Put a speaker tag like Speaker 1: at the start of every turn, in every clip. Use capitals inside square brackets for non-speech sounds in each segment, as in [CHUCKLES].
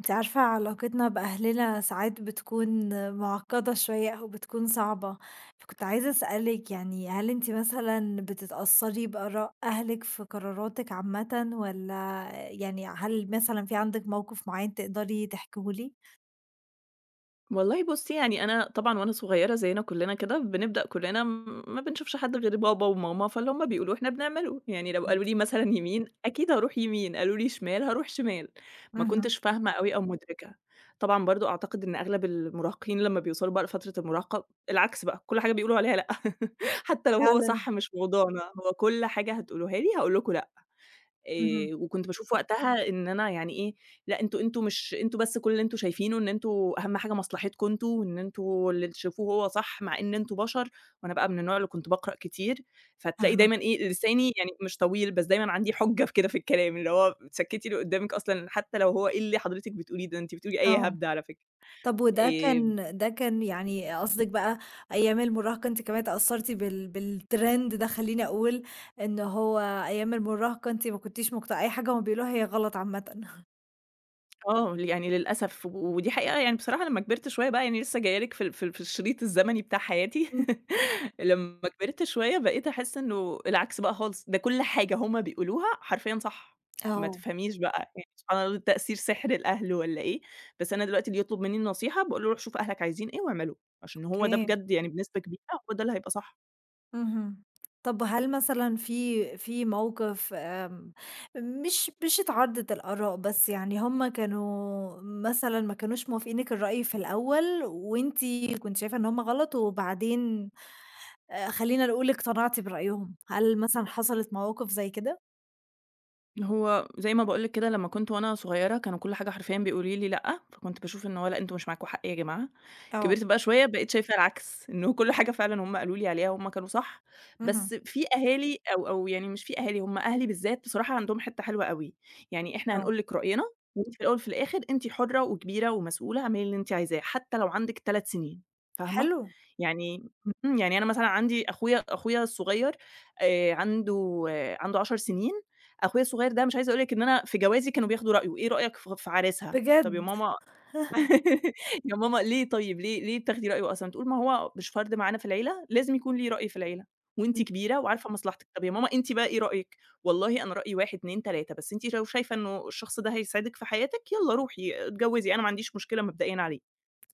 Speaker 1: أنتِ عارفة علاقتنا بأهلنا ساعات بتكون معقدة شويّة أو بتكون صعبة، فكنت عايزة أسألِك يعني، هل أنتِ مثلًا بتتأثري بآراء أهلِك في قراراتِك عامةَ؟ والّا يعني هل مثلًا في عندِك موقف معيّن تقدري تحكيه لي؟
Speaker 2: والله بُصِّي، يعني أنا طبعًا، وأنا صغيِّرة، زينا كلّنا كده، بنبدأ، كلّنا ما بنشوفش حد غير بابا وماما، فاللي هُم بيقولوه إحنا بنعمله. يعني، لو قالوا
Speaker 1: أكيد.
Speaker 2: لي مثلًا يمين، أكيد هاروح يمين، قالوا لي شمال، هاروح شمال. ما
Speaker 1: اهم.
Speaker 2: كنتش فاهمة أوي أو مُدرِكة. طبعًا، برضه، أعتقد إن أغلب المراهقين، لمّا بيوصلوا بقى لفترة المراهقة، العكس بقى، كل حاجة بيقولوا عليها لأ، [LAUGHS] حتى لو هو
Speaker 1: فعلًا.
Speaker 2: صح مش موضوعنا، هو كل حاجة هتقولوها لي، هاقولكم لأ.
Speaker 1: اهم.
Speaker 2: آآ، وكنت باشوف وقتها إن أنا يعني، إيه لأ، أنتم أنتم مش أنتم بس كل اللي أنتم شايفينه، إن أنتم أهم حاجة مصلحتكم أنتم، وإن أنتم اللي تشوفوه هو صح، مع إن أنتم بشر. وأنا بقى من النوع اللي كنت باقرأ كتير، فتلاقي
Speaker 1: أها.
Speaker 2: دايمًا إيه، لساني يعني مش طويل، بس دايمًا عندي حُجة في كده في الكلام، اللي هو تسكِّتي اللي قدَّامك أصلًا، حتى لو هو إيه اللي حضرتك بتقوليه ده؟ أنت بتقولي أي
Speaker 1: آه.
Speaker 2: هبد، على فكرة.
Speaker 1: طب، وده
Speaker 2: آآ
Speaker 1: كان ده كان يعني قصدِك بقى أيّام المراهقة أنتِ كمان أتأثرتِ بال بالترند ده خلّيني أقول إنّه هو، أيّام المراهقة أنتِ ما كنتيش مق أي حاجة هم بيقولوها هي غلط عامةً؟
Speaker 2: آه، يعني للأسف و ودي حقيقة يعني بصراحة لمّا كبرت شوية بقى يعني لسّه جايّة لِك في ال في ال في الشريط الزمني بتاع حياتي.
Speaker 1: إمم.
Speaker 2: [LAUGHS] لمّا كبرت شوية، بقيت أحس إنه العكس بقى خالص، ده كل حاجة هم بيقولوها، حرفيًا صح. ما
Speaker 1: آه.
Speaker 2: تفهميش بقى، يعني سبحان الله تأثير سِحْر الأهل والّا إيه! بس أنا دلوقتي اللي يطلُب منّي النصيحة، باقول له روح شوف أهلك عايزين إيه واعمله عشان هو ده
Speaker 1: أوكي.
Speaker 2: بجد يعني بنسبة كبيرة هو ده اللي هيبقى صح.
Speaker 1: اهم. طَب هل مثلًا في في موقِف آمم مش مش اتعارضت الآراء، بس يعني هم كانوا مثلًا ما كانوش موافقينِك الرأي في الأول وأنتِ كنت شايفة إن هم غلط وبعدين آآ خلّينا نقول اقتنعتِ برأيهم، هل مثلًا حصلت مواقِف زي كده؟
Speaker 2: هو زي ما باقول لِك كده لمّا كنت وأنا صغيّرة كانوا كل حاجة حرفيًا بيقولوا لي لأ، فكنت باشوف إنه لأ، أنتم مش معاكم حق يا جماعة.
Speaker 1: آه.
Speaker 2: كبرت بقى شوية بقيت شايفة العكس إنه كل حاجة فعلًا هم قالوا لي عليها هم كانوا صح،
Speaker 1: اهم.
Speaker 2: بس في أهالي أو أو يعني مش في أهالي، هم أهلي بالذات بصراحة عندهم حتّة حلوة أوي، "يعني إحنا
Speaker 1: آه.
Speaker 2: هنقول لِك رأينا وأنتِ في الأول في الآخِر أنتِ حرّة وكبيرة ومسؤولة، اعملي اللي أنتِ عايزاه، حتّى لو عندِك 3 سِنين." فاهمة؟
Speaker 1: حلو.
Speaker 2: يعني يعني أنا مثلًا عندي أخويا أخويا الصغيّر آآ عنده عنده 10 سِنين، أخويا الصغيّر ده مش عايزة أقول لِك إن أنا في جوازي كانوا بياخدوا رأيه، "إيه رأيك ف في عريسها؟" "طَب يا
Speaker 1: بجد؟ّ!
Speaker 2: ماما [LAUGHS] يا ماما ليه طيّب ليه ليه بتاخدي رأيه أصلًا؟" تقول: "ما هو مش فرد معانا في العيلة لازم يكون ليه رأي في العيلة، وأنتِ
Speaker 1: إمم.
Speaker 2: كبيرة وعارفة مصلحتك." "طَب يا ماما أنتِ بقي إيه رأيِِك؟" "والله أنا رأيي 1، 2، 3، بس أنتِ لو شايفة إنّه الشخص ده هيسعدِك في حياتِك، يالّا روحي اتجوِّزي أنا ما عنديش مشكلة مبدئيًا عليه."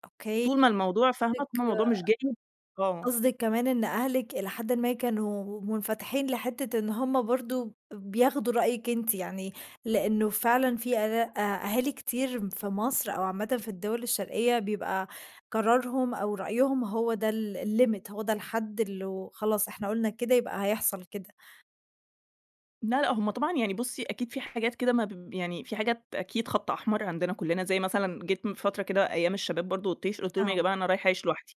Speaker 1: أوكي.
Speaker 2: طول ما الموضوع فاهمة؟
Speaker 1: قصدِك
Speaker 2: [UNINTELLIGIBLE] الموضوع مش جايب آه.
Speaker 1: قصدِك كمان إن أهلِك إلى حدٍ ما كانوا منفتحين لحتّة إن هم برضه ب بياخدوا رأيِِك أنتِ يعني لإنّه فعلًا في أ أهالي كتير في مصر أو عامةً في الدوَل الشرقيّة بيبقى قرارهم أو رأيهم هو ده ال الlimit، هو ده الحد اللي هو خلاص إحنا قُلنا كده يبقى هيحصل كده.
Speaker 2: لا، لأ هم طبعًا يعني بُصّي أكيد في حاجات كده ما ب يعني في حاجات أكيد خط أحمر عندنا كلّنا، زي مثلًا، جيت من فترة كده، أيّام الشباب برضو والطيش، قلت لهم: "يا
Speaker 1: آه.
Speaker 2: جماعة أنا رايحة أعيش لوحدي."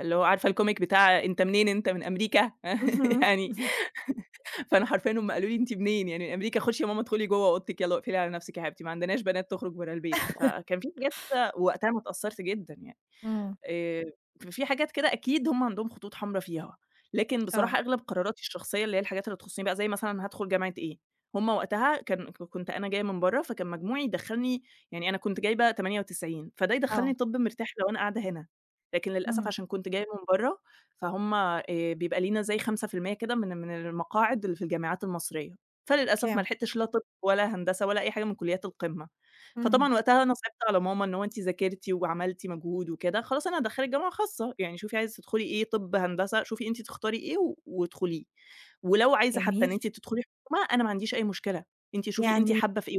Speaker 2: اللي هو عارفة الComic بتاع "أنت منين؟ أنت من أمريكا." [LAUGHS]
Speaker 1: اهم،
Speaker 2: يعني
Speaker 1: اهم.
Speaker 2: [LAUGHS] فأنا حرفيًا هم قالوا لي: "أنت منين يعني أمريكا؟ خشي يا ماما ادخلي جوّه أوضتك يالّا واقفلي على نفْسِك يا حبيبتي، ما عندناش بنات تخرج برّه البيت."
Speaker 1: [CHUCKLES]
Speaker 2: فكان في حاجات كده وقتها انا اتأثّرت جدًا يعني،
Speaker 1: امم.
Speaker 2: آآ في حاجات كده أكيد هم عندهم خطوط حمرا فيها، لكن
Speaker 1: آه.
Speaker 2: بصراحة أغلب قراراتي الشخصيّة اللي هي الحاجات اللي تخصني بقى، زي مثلًا هادخل جامعة إيه، هم وقتها كان كنت أنا جايّة من برّه، فكان مجموعي يدخلني يعني أنا كنت جايبة 98 فده
Speaker 1: آه.
Speaker 2: يدخلني طِب مرتاح لو أنا قاعدة هنا، لكن للأسف
Speaker 1: امم.
Speaker 2: عشان كنت جايّة من برّه، فهم آآ بيبقى لينا زي 5% كده من من المقاعد اللي في الجامعات المصريّة، فللأسف ما
Speaker 1: أوكي.
Speaker 2: لحقتش لا طِب ولا هندسة ولا أي حاجة من كليات القمة.
Speaker 1: اهم.
Speaker 2: فطبعًا وقتها أنا صعبت على ماما، "إن هو أنتِ ذاكرتِ وعملتِ مجهود وكده خلاص أنا هادخلِك جامعة خاصة، يعني شُوفي عايزه تدخُلِي إيه، طِب، هندسة، شُوفي أنتِ تختاري إيه وادخليه، ولو عايزه حتّى إن
Speaker 1: جميل.
Speaker 2: أنتِ تدخُلِي حكومة، أنا ما عنديش أي مشكلة، أنتِ شُوفي أنتِ
Speaker 1: يعني
Speaker 2: حابّة في إيه،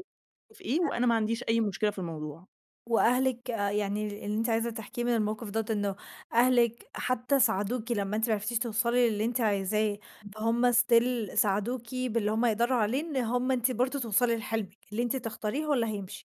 Speaker 2: وفي إيه
Speaker 1: آآ
Speaker 2: وأنا ما عنديش أي مشكلة في الموضوع."
Speaker 1: وأهلِك آآ يعني اللي أنتِ عايزه تحكيه من الموقف دوّة إنه أهلِك حتى ساعدوكِ لمّا أنتِ ما عرفتيش توصلي للي أنتِ عايزاه فهُم Still ساعدوكِ باللي هُم يقدروا عليه، إن هُم أنتِ برضه توصَلِي لحلمِك، اللي أنتِ تختاريه هو اللي هيمشي.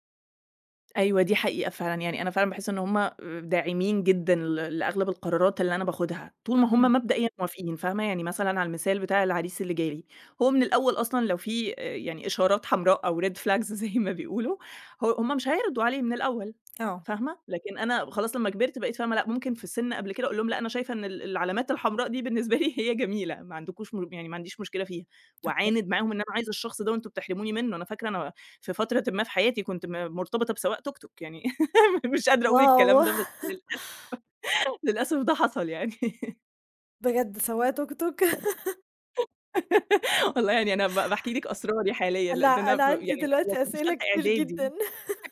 Speaker 2: أيوه دي حقيقة فعلًا، يعني أنا فعلًا باحس إن هُم داعمين جدًا ل لأغلب القرارات اللي أنا باخدها، طول ما هُم
Speaker 1: اهم.
Speaker 2: مبدئيًا موافقين فاهمة؟ يعني مثلًا على المثال بتاع العريس اللي جالي، هو من الأول أصلًا لو في آآ يعني إشارات حمراء أو Red flags زي ما بيقولوا ه هُم مش هيرضوا عليه من الأول
Speaker 1: آه.
Speaker 2: فاهمة؟ لكن أنا خلاص لمّا كبرت بقيت فاهمة لأ، ممكن في سن قبل كده أقول لهم لأ أنا شايفة إن ال العلامات الحمراء دي بالنسبة لي هي جميلة ما عندكوش م يعني ما عنديش مشكلة فيها،
Speaker 1: أوكي.
Speaker 2: وأعاند معاهم إن أنا عايزة الشخص ده وأنتم بتحرموني منه، أنا فاكرة أنا في فترة ما في حياتي كنت م مرتبطة بسواق توك توك، يعني [GIGGLES] مش قادرة أقول
Speaker 1: واو!
Speaker 2: الكلام ده بس
Speaker 1: [LAUGHS]
Speaker 2: للأسف [LAUGHS] للأسف ده حصل يعني. [LAUGHS]
Speaker 1: بجد سواق توك توك! [LAUGHS]
Speaker 2: [GIGGLES] والله يعني أنا ب باحكي لكِ أسراري حاليًا لأ
Speaker 1: أنا
Speaker 2: ده أنا
Speaker 1: أنا
Speaker 2: ف
Speaker 1: عندي
Speaker 2: يعني
Speaker 1: دلوقتي
Speaker 2: كنت في
Speaker 1: أسئلة
Speaker 2: تالتة
Speaker 1: كتير
Speaker 2: إعدادي،
Speaker 1: جدًّا. [LAUGHS]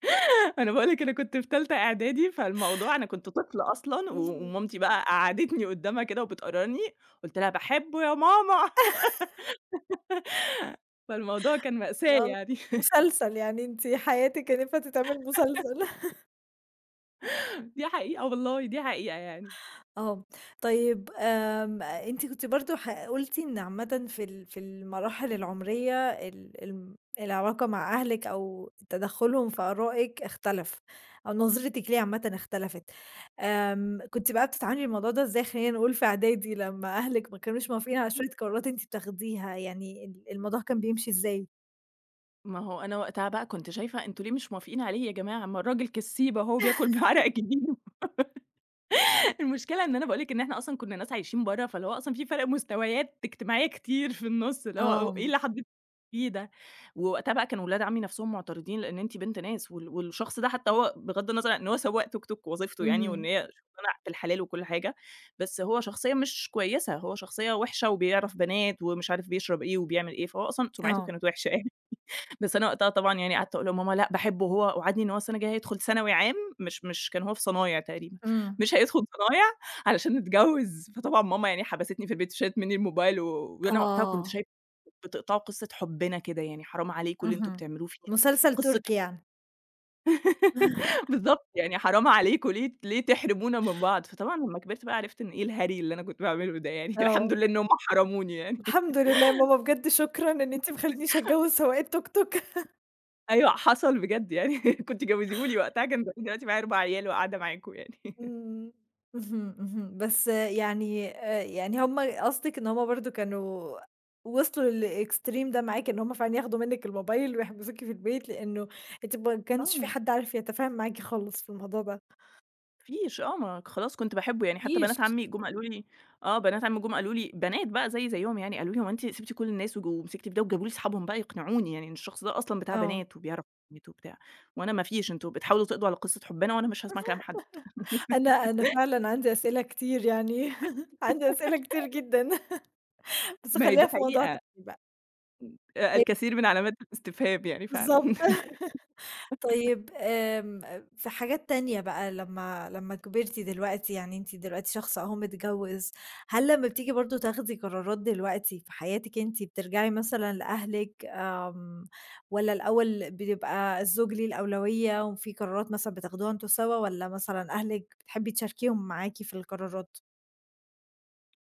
Speaker 2: [GIGGLES] أنا باقول لكِ أنا كنت في تالتة إعدادي، فالموضوع أنا كنت طفلة أصلًا
Speaker 1: اهم.
Speaker 2: ومامتي بقى قعدتني قدامها كده وبتقررني، قُلت لها: "باحبه يا ماما."
Speaker 1: [LAUGHS]
Speaker 2: [GIGGLES] فالموضوع كان مأساة
Speaker 1: يالّا
Speaker 2: يعني. [LAUGHS]
Speaker 1: مسلسل يعني، أنتِ حياتِك كان ينفع تتعمل مسلسل.
Speaker 2: [GIGGLES]
Speaker 1: [LAUGHS]
Speaker 2: دي حقيقة والله، دي حقيقة يعني.
Speaker 1: آه، طيّب آمم أنتِ كنتِ برضو ح قلتِ إن عامةً في ال في المراحل العمرية ال ال العلاقة مع أهلك أو تدخلهم في أرائِك اختلف، أو نظرتِك ليه عامةً اختلفت آمم كنتِ بقى بتتعاملي مع الموضوع ده إزاي، خلّينا نقول في أعدادي، لمّا أهلِك ما كانوش موافقين على
Speaker 2: [UNINTELLIGIBLE]
Speaker 1: شوية قرارات أنتِ بتاخديها يعني، ال الموضوع كان بيمشي إزاي؟
Speaker 2: ما هو أنا وقتها بقى كنت شايفة: "أنتم ليه مش موافقين عليه يا جماعة؟ ما الراجل كسيب أهو وبياكل
Speaker 1: [LAUGHS]
Speaker 2: بعرق جبينه." [GIGGLES] المشكلة إن أنا باقول لك إن إحنا أصلًا كنّا ناس عايشين برّه، فاللي هو أصلًا في فرق مستويات اجتماعيّة كتير في النُص اللي هو: "إيه
Speaker 1: آه.
Speaker 2: اللي حضرتِك بتقوليه ده؟" ووقتها بقى كان ولاد عمي نفسهم معترضين، لأن أنتِ بنت ناس وال والشخص ده حتّى هو بغض النظر إن هو سواق توك توك، وظيفته يعني وإن
Speaker 1: اهم.
Speaker 2: هي شغلانة بالحلال وكل حاجة، بس هو شخصيّة مش كويّسة، هو شخصيّة وِحِشة وبيعرف بنات ومش عارف بيشرب إيه وبيعمل إيه، فهو أصلًا سمعته
Speaker 1: آه.
Speaker 2: كانت وِحِشة يعني. [LAUGHS] بس أنا وقتها طبعًا يعني قعدت أقول لماما: "لأ باحبه هو وعدني إن هو السنة الجايّة هيدخل ثانوي عام- مش مش كان هو في صنايع تقريبًا-
Speaker 1: امم.
Speaker 2: مش هيدخل صنايع علشان نتجوز." فطبعًا ماما يعني حبستني في البيت وشالت مِنّي الموبايل و وأنا وقتها كنت
Speaker 1: آه.
Speaker 2: شايفة: "بتقطعوا قصّة حبنا كده، يعني حرام عليكم اللي أنتم
Speaker 1: اهم.
Speaker 2: بتعملوه فينا،
Speaker 1: مسلسل
Speaker 2: قصة حب"
Speaker 1: تركي يعني؟
Speaker 2: [GIGGLES]
Speaker 1: [CHUCKLES]
Speaker 2: بالضبط، يعني "حرام عليكم، ليه ليه تحرمونا من بعض؟" فطبعًا لمّا كبرت بقى عرفت إن "إيه الهري اللي أنا كنت باعمله ده يعني؟!" الحمد
Speaker 1: آه.
Speaker 2: لله إنّهم حرموني يعني.
Speaker 1: الحمد لله يا ماما، بجد شكرًا إن أنتِ ما خلتنيش أتجوز سواق التوك توك.
Speaker 2: أيوه حصل بجد يعني [LAUGHS] كنتِ جوزيه لي وقتها، كان زماني دلوقتي معايا 4 عيال وقاعدة معاكم يعني.
Speaker 1: امم،
Speaker 2: [LAUGHS]
Speaker 1: امم، اهم، اهم. بس يعني آآ يعني همّ قصدك إن همّ برضو كانوا وصلوا للExtreme ده معاكِ، إن همّ فعلًا ياخدوا منّك الموبايل ويحبسوكِ في البيت، لأنّه أنتِ ما كانش في
Speaker 2: آه.
Speaker 1: حد عارف يتفاهم معاكِ خالص في الموضوع ده.
Speaker 2: ما فيش آه ما خلاص كنت باحبّه، يعني حتّى بنات
Speaker 1: نيش
Speaker 2: عمي جم قالوا لي، آه بنات عمي جم قالوا لي، بنات بقى زيي زيهم يعني، قالوا لي: "هو أنتِ سِبتِ كل الناس وج ومسكتِ في ده؟" وجابوا لي أصحابهم بقى يقنعوني يعني، إن الشخص ده أصلًا بتاع
Speaker 1: آه.
Speaker 2: بنات وبيعرف بنات وبتاع، وأنا ما فيش "أنتم بتحاولوا تقضوا على قصّة حبنا وأنا مش هاسمع كلام حد."
Speaker 1: أنا أنا
Speaker 2: [GIGGLES]
Speaker 1: فعلًا عندي أسئلة كتير يعني، [LAUGHS] عندي أسئلة كتير
Speaker 2: [GIGGLES]
Speaker 1: جدًا، بس
Speaker 2: ما هي
Speaker 1: خلّيها
Speaker 2: دي
Speaker 1: في موضوع
Speaker 2: حقيقة.
Speaker 1: تاني بقى.
Speaker 2: لا
Speaker 1: [UNINTELLIGIBLE]
Speaker 2: الكثير من علامات الاستفهام يعني فعلًا.
Speaker 1: بالضبط [LAUGHS]
Speaker 2: [GIGGLES]
Speaker 1: طيّب آمم في حاجات تانية بقى لمّا لمّا كبرتِ دلوقتي، يعني أنتِ دلوقتي شخص أهو متجوز، هل لمّا بتيجي برضو تاخدي قرارات دلوقتي في حياتِك أنتِ، بترجعي مثلًا لأهلِك آمم والّا الأوّل بيبقى الزوج ليه الأولوية، وفي قرارات مثلًا بتاخدوها أنتم سوا والّا مثلًا أهلِك بتحبي تشاركيهم معاكِ في القرارات؟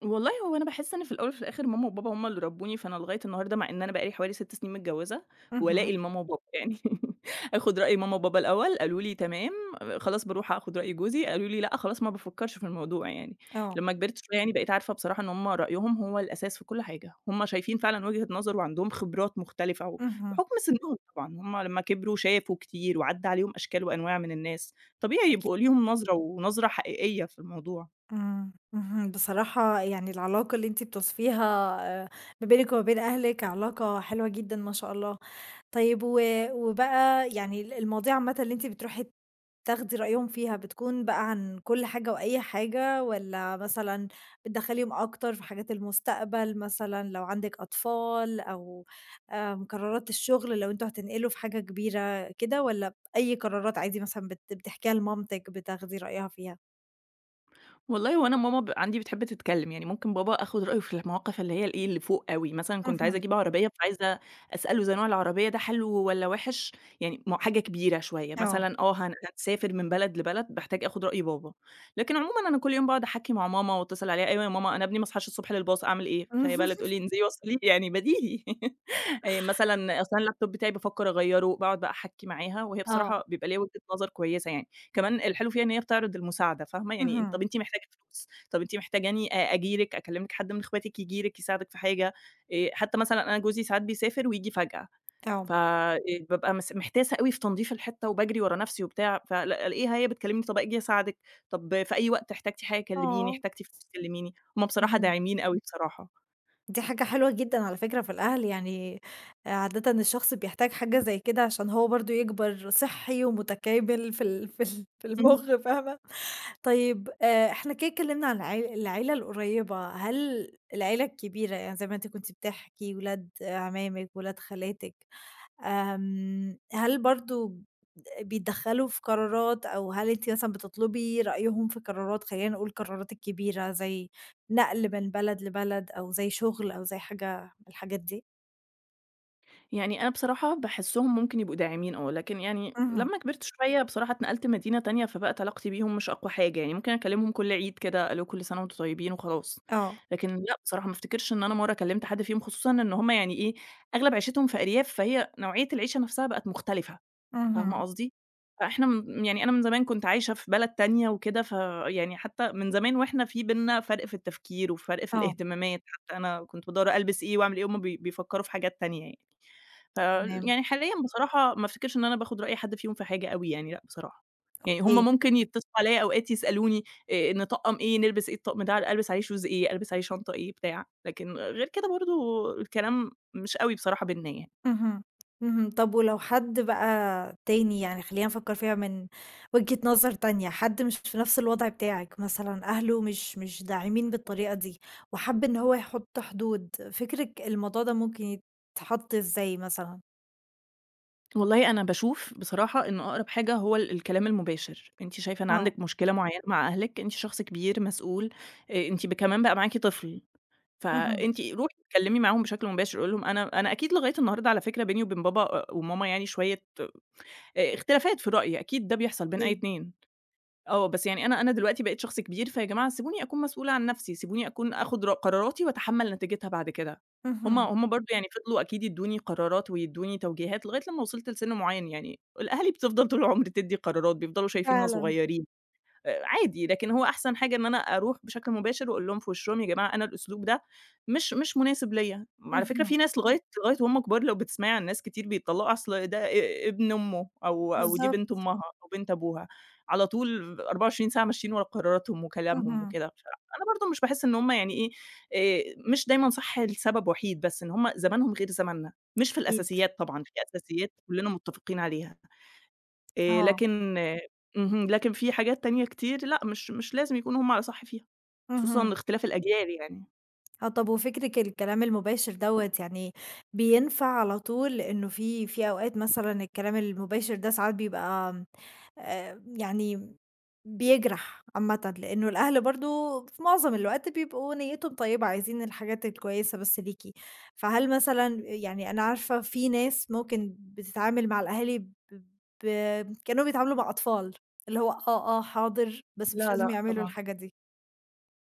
Speaker 2: والله هو أنا باحس إن في الأول وفي الآخِر ماما وبابا هُم اللي ربّوني فأنا لغاية النهارده مع إن أنا بقالي حوالي 6 سنين متجوّزة ولائي
Speaker 1: اهم.
Speaker 2: لماما وبابا، يعني [LAUGHS] آخُد رأي ماما وبابا الأول، قالوا لي: "تمام." أ خلاص بارُوح آخُد رأي جوزي قالوا لي: "لأ." خلاص ما بافكّرش في الموضوع يعني،
Speaker 1: آه.
Speaker 2: لمّا كبِرت شوية يعني بقيت عارفة بصراحة إن هُم رأيهم هو الأساس في كل حاجة، هُم شايفين فعلًا وجهة نظَر وعندهم خِبرات مختلِفة
Speaker 1: اهم.
Speaker 2: وبحُكم سِنّهم طبعًا هُم لمّا كبِروا شافوا كتير وعدّى عليهم أشكال وأنواع من الناس، طبيعي
Speaker 1: أكي
Speaker 2: يبقوا ليهم نظرة ونظرة حقيقية في الموضوع.
Speaker 1: إمم، اهم، بصراحة يعني العلاقة اللي أنتِ بتوصِفيها آآ ما بينِك وما بين أهلِك علاقة حلوة جدًا ما شاء الله. طيب و وبقى يعني ال المواضيع عامةً اللي أنتِ بترُوحي تاخدي رأيهم فيها بتكُون بقى عن كل حاجة وأي حاجة والّا مثلًا بتدخّليهم أكتر في حاجات المستقبَل مثلًا لو عندِك أطفال أو آآ قرارات الشغل لو أنتم هتنقلوا في حاجة كبيرة كده والّا أي قرارات عادي مثلًا بت بتحكيها لمامتِك، بتاخدي رأيها فيها؟
Speaker 2: والله وأنا ماما ب عندي بتحب تتكلّم، يعني ممكن بابا آخُد رأيه في المواقِف اللي هي إيه، اللي فوق أوي، مثلًا كنت عايزة
Speaker 1: اهم.
Speaker 2: أجيب عربية فعايزة أسأله زي نوع العربية ده حلو والّا وحِش، يعني م حاجة كبيرة شوية
Speaker 1: آه.
Speaker 2: مثلًا، آه، هن هنسافر من بلد لبلد باحتاج آخُد رأي بابا، لكن عمومًا أنا كل يوم باقعُد أحكّي مع ماما واتّصِل عليها "أيوه يا ماما، أنا إبني ما صحاش الصبح للباص، أعمل إيه؟" فهي بقى اللي تقول
Speaker 1: [LAUGHS]
Speaker 2: لي: "إنزلي وصّليه." يعني بديهي [LAUGHS] آآ مثلًا أصْل أنا اللاب توب بتاعي بافكّر أغيّره، باقعُد بقى أحكّي معاها وهي
Speaker 1: آه.
Speaker 2: بصراحة بيبقى ليها وِجهة نظر كويسة يعني، كمان الحلو فيها إن هي بتعرِض المساعدة، فاهمة، يعني "طَب
Speaker 1: اهم.
Speaker 2: أنتِ محتاجة فلوس؟ طَب أنتِ محتاجاني أ أجي لِك، أكلّم لِك، حد من إخواتِك ييجي لِك يساعدِك في حاجة؟" آآ حتى مثلًا أنا جوزي ساعات بيسافر وييجي فجأة حتى مثلًا أنا جوزي ساعات بيسافر ويجي فجأة، ف
Speaker 1: [UNINTELLIGIBLE]
Speaker 2: إ ببقى مس محتاسة أوي في تنضيف الحِتّة وباجرِي ورا نفْسي وبتاع، فالاقيها هي بتكلّمني "طَب آجي أساعدِك طَب في أي وقت احتاجتي حاجة كلّميني،
Speaker 1: آه.
Speaker 2: احتاجتي فلوس كلّميني." هُم بصراحة
Speaker 1: أها.
Speaker 2: داعمين أوي بصراحة.
Speaker 1: دي حاجة حلوة جدًا على فكرة في الأهل، يعني عادةً الشخص بيحتاج حاجة زي كده عشان هو برضه يكبَر صحّي ومتكامل في ال في ال في
Speaker 2: إمم.
Speaker 1: المخ، فاهمة؟ طيب آآ، إحنا كدا اتكلّمنا عن العي العيلة القريّبة، هل العيلة الكبيرة يعني زي ما أنتِ كنت بتحكي، ولاد عمامِك، ولاد خالاتِك آمم، هل برضه بيدخّلوا في قرارات أو هل أنتِ مثلًا بتطلُبي رأيهم في قرارات، خلّينا نقول القرارات الكبيرة زي نقل من بلد لبلد أو زي شُغل أو زي حاجة من الحاجات دي؟
Speaker 2: يعني أنا بصراحة باحسهم ممكن يبقوا داعمين آه، لكن يعني
Speaker 1: اهم.
Speaker 2: لمّا كبرت شوية، بصراحة اتنقلت مدينة تانية، فبقت علاقتي بيهم مش أقوى حاجة يعني، ممكن أكلمهم كل عيد كده، الو كل سنة وأنتم طيبين وخلاص.
Speaker 1: آه.
Speaker 2: لكن لأ بصراحة ما أفتكرش إن أنا مرة كلمت حد فيهم، خصوصًا إن هُم يعني إيه، أغلب عيشتهم في أرياف، فهي نوعية العيشة نفْسَها بقت مختلفة، فاهمة
Speaker 1: اهم.
Speaker 2: قصدي؟ فإحنا م يعني أنا من زمان كنت عايشة في بلد تانية وكده، فيعني حتى من زمان واحنا في بيننا فرْق في التفكير وفرْق في
Speaker 1: آه.
Speaker 2: الاهتمامات، حتى أنا كنت بادوّر ألبس إيه وأعمل إيه، وهُم بي بيفكروا في حاجات تانية يعني. فال
Speaker 1: تمام.
Speaker 2: يعني حاليًا بصراحة ما افتكرش إن أنا باخد رأي حد فيهم في حاجة أوي يعني، لأ بصراحة، يعني
Speaker 1: اوكيه.
Speaker 2: هُم ممكن يتصلوا عليَّ، أوقات يسألوني آآ نطقّم إيه؟ نلبس إيه؟ الطقم ده ألبس عليه Shoes إيه؟ ألبس عليه شنطة إيه؟ بتاع، لكن غير كده برضه، الكلام مش أوي بصراحة بيننا يعني.
Speaker 1: اهم اهم، طَب ولو حد بقى تاني، يعني خلينا نفكر فيها من وجهة نظر تانية، حد مش في نفْس الوضع بتاعِك مثلًا، أهله مش مش داعمين بالطريقة دي، وحَب إن هو يحط حدود، فكركِ الموضوع ده ممكن يتحط إزاي مثلًا؟
Speaker 2: والله أنا باشوف بصراحة إنّه أقرَب حاجة هو ال الكلام المباشِر. أنتِ شايفة إن
Speaker 1: آه.
Speaker 2: عندِك مشكلة معيّنة مع أهلِك، أنتِ شخص كبير، مسؤول آآ، أنتِ كمان بقى معاكِ طفل،
Speaker 1: اهم.
Speaker 2: فأنتِ رُوحي اتكلّمي معاهم بشكل مباشِر قولي لهم. أنا أنا أكيد لغاية النهارده على فكرة بيني وبين بابا وماما يعني شويّة آآ اختلافات في الرأي. أكيد ده بيحصَل بين أي
Speaker 1: أكيد.
Speaker 2: اتنين آه، بس يعني أنا أنا دلوقتي بقيت شخص كبير فيا جماعة سيبوني أكون مسؤولة عن نفْسي، سيبوني أكُون آخُد ر قراراتي وأتحمّل نتيجتها بعد كده. هُم
Speaker 1: اهم.
Speaker 2: هُم برضه يعني فضلوا أكيد يدّوني قرارات ويدّوني توجيهات لغاية لمّا وصَلت لسِن مُعيّن يعني. الأهالي بتفضَل طُول العُمر تدّي قرارات بيفضلوا شايفيننا
Speaker 1: فعلًا.
Speaker 2: صغيّرين. آآ عادي لكن هو أحسن حاجة إن أنا أرُوح بشكْل مباشِر وأقول لهم في وشّهم "يا جماعة أنا الأسلوب ده مش مش مناسب ليَّ." على فكرة
Speaker 1: اهم.
Speaker 2: في ناس لغاية لغاية وهمّ كبار لو بتسمَعي عن ناس كتير بيتطلّقوا أصل ده ا ابن أمه أو أو دي بنت
Speaker 1: بالضبط.
Speaker 2: أمها أو بنت أبوها، على طول 24 ساعة ماشيين ورا قراراتهم وكلامهم
Speaker 1: اهم.
Speaker 2: وكده مش أنا برضه مش باحس إن هُم يعني إيه آآ، مش دايمًا صح لسبب وحيد بس، إن هُم زمَنهم غير زمننا، مش في
Speaker 1: أكيد.
Speaker 2: الأساسيات طبعًا، في أساسيات كلّنا متّفقين عليها آآ،
Speaker 1: آه.
Speaker 2: لكن اهم، لكن في حاجات تانية كتير لأ مش مش لازم يكونوا هُم على صح فيها خصوصًا
Speaker 1: اهم.
Speaker 2: لاختلاف الأجيال يعني.
Speaker 1: آه طَب وفكرِك الكلام المباشر دوّة يعني بينفع على طول؟ لأنه في في أوقات مثلًا الكلام المباشر ده ساعات بيبقى، آمم، آآ، يعني بيجرح عامةً، لأنه الأهل برضه في معظم الوقت بيبقوا نيتهم طيبة، عايزين الحاجات الكويسة بس ليكِ. فهل مثلًا يعني أنا عارفة في ناس ممكن بتتعامل مع الأهالي ب ب كأنهم بيتعاملوا مع أطفال، اللي هو آه، آه حاضر، بس مش
Speaker 2: لا
Speaker 1: لازم
Speaker 2: لأ
Speaker 1: يعملوا
Speaker 2: طبعًا.
Speaker 1: الحاجة دي.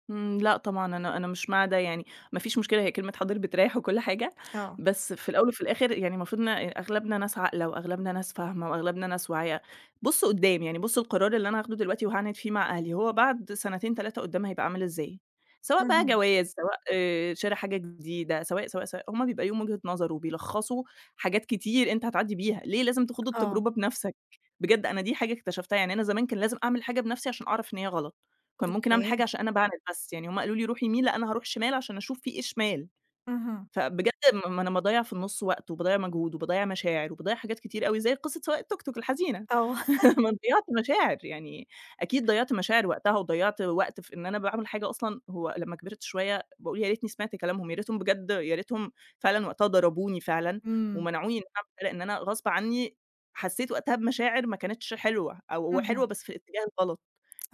Speaker 2: امم لأ طبعًا، أنا أنا مش مع ده يعني، ما فيش مشكلة هي كلمة حاضر بتريح وكل حاجة،
Speaker 1: آه.
Speaker 2: بس في الأول وفي الآخر يعني المفروض إن أ أغلبنا ناس عاقلة وأغلبنا ناس فاهمة وأغلبنا ناس واعية، بصوا قدام، يعني بصوا القرار اللي أنا هاخده دلوقتي وهاعند فيه مع أهلي، هو بعد سنتين 3 قدام هيبقى عامل إزاي؟ سواء بقى
Speaker 1: اهم.
Speaker 2: جواز، سواء آآ شرا حاجة جديدة، سواء، سواء، هُم بيبقى ليهم وجهة نظر وبيلخصوا حاجات كتير أنت هتعدي بيها، ليه لازم تخوض
Speaker 1: آه.
Speaker 2: التجربة بنفْسَك؟ بجد أنا دي حاجة اكتشفتها، يعني أنا زمان كان لازم أعمل الحاجة بنفْسِي عشان أعرف إن هي غلط، كان ممكن أعمل الحاجة
Speaker 1: أوكي.
Speaker 2: عشان أنا باعند بس، يعني هُم قالوا لي رُوحي يمين، لأ أنا هارُوح شمال، عشان أشوف في إيه شمال.
Speaker 1: اهم.
Speaker 2: فبجد ما أنا باضيَّع في النُص وقت وباضيَّع مجهود وباضَّيع مشاعر وباضيَّع حاجات كتيرة أوي، زي قصة سواق التوك توك الحزينة.
Speaker 1: آه. [CHUCKLES]
Speaker 2: [LAUGHS] أنا ضيعت مشاعر يعني، أكيد ضيعت مشاعر وقتها، وضيعت وقت في إن أنا باعمل حاجة أصلًا هو لمّا كبرت شوية، بأقول يا ريتني سمعت كلامهم، يا ريتهم بجد، يا ريتهم فعلًا وقتها ضربوني فعلًا
Speaker 1: امم.
Speaker 2: ومنعوني [UNINTELLIGIBLE] لان أنا غصب عني، حسيت وقتها بمشاعر ما كانتش حلوة أو حلوة
Speaker 1: اهم.
Speaker 2: بس في الاتجاه الغلط،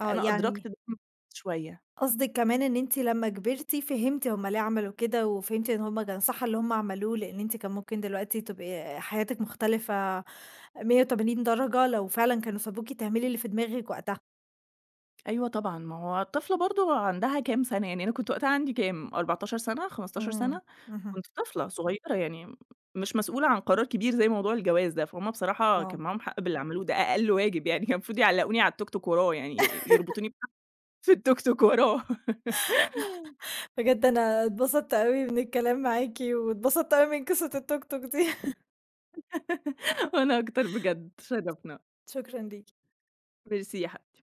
Speaker 1: آه يعني
Speaker 2: أدركت ده [UNINTELLIGIBLE] شوية.
Speaker 1: قصدِك كمان إن أنتِ لمّا كبرتِ فهمتِ هُم ليه عملوا كده وفهمتِ إن هُم كان صح اللي هُم عملوه، لأن أنتِ كان ممكن دلوقتي تبقي آآ حياتِك مختلفة، 180° درجة، لو فعلًا كانوا سابوكِ تعملي اللي في دماغِك وقتها.
Speaker 2: أيوه طبعًا، ما هو طفلة برضه عندها كام سنة يعني، أنا كنت وقتها عندي كام؟ 14 سنة، 15
Speaker 1: امم،
Speaker 2: سنة،
Speaker 1: اهم.
Speaker 2: كنت طفلة صغيرة يعني، مش مسؤولة عن قرار كبير، زي موضوع الجواز ده، فهُم بصراحة كان
Speaker 1: آه.
Speaker 2: معاهم حق باللي عملوه، ده أقل واجب يعني، كان المفروض يعلقوني على التوك توك وراه يعني، ي
Speaker 1: [LAUGHS]
Speaker 2: يربطوني بحبل في التوك توك وراه. [LAUGHS]
Speaker 1: [GIGGLES] بجد أنا اتبسطت أوي من الكلام معاكِ واتبسطت أوي من قصة التوك توك دي. [LAUGHS]
Speaker 2: [GIGGLES] وأنا أكتر بجد اتشرفنا.
Speaker 1: شكرًا ليكِ.
Speaker 2: Merci يا حبيبتي.